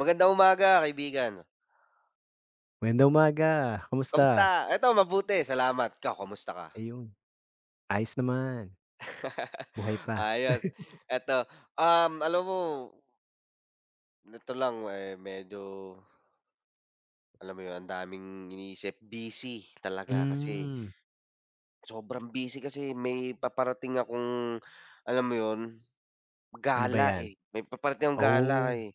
Magandang umaga, kaibigan. Magandang umaga, kamusta? Kamusta? Eto mabuti, salamat. Ikaw, kamusta ka? Ayun, ayos naman. Buhay pa. Ayos. Eto, um, alam mo neto lang, eh, medyo alam mo yo'n, ang daming iniisip. Busy talaga kasi Mm. sobrang busy kasi may paparating akong alam mo yo'n Ano ba gala, 'yan? eh. May paparating akong gala, Oh, eh.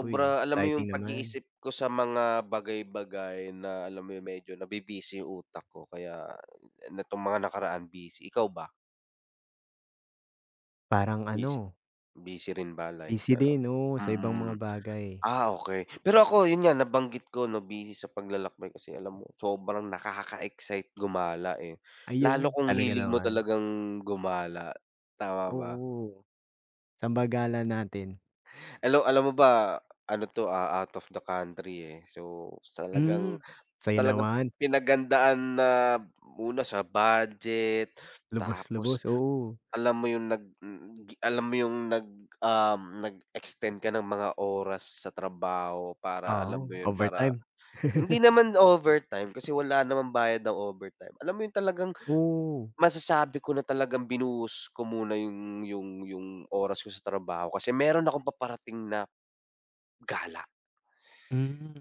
uy, alam mo yung exciting naman. pag-iisip ko sa mga bagay-bagay na alam mo yung medyo nabi-busy yung utak ko kaya netong mga nakaraan, busy. Ikaw ba? Parang Bis ano. busy rin ba life? Busy Pero din, oo, sa ibang mm. mga bagay. Ah, okey. Pero ako yun nga nabanggit ko 'no, busy sa paglalakbay kasi alam mo sobrang nakaka-excite gumala, eh, lalo Ayun, kung talaga hilig mo naman. talagang gumala, tama ba? Oo, sa'n ba gala natin? Alaw alam mo ba ano 'to, ah, out of the country, eh, so talagang, Mm, saya talagang naman. pinaghandaan na, una sa budget, tapos Lubos-lubos, oo. alam mo yung nag alam mo yung nag um, nag-extend ka ng mga oras sa trabaho para alam Oo, mo yo'n, para overtime. hindi naman overtime kasi wala namang bayad ang overtime. Alam mo yo'n talagang Oh. masasabi ko na talagang binuhos ko muna yung yung yung oras ko sa trabaho kasi meron akong paparating na gala. Hmm.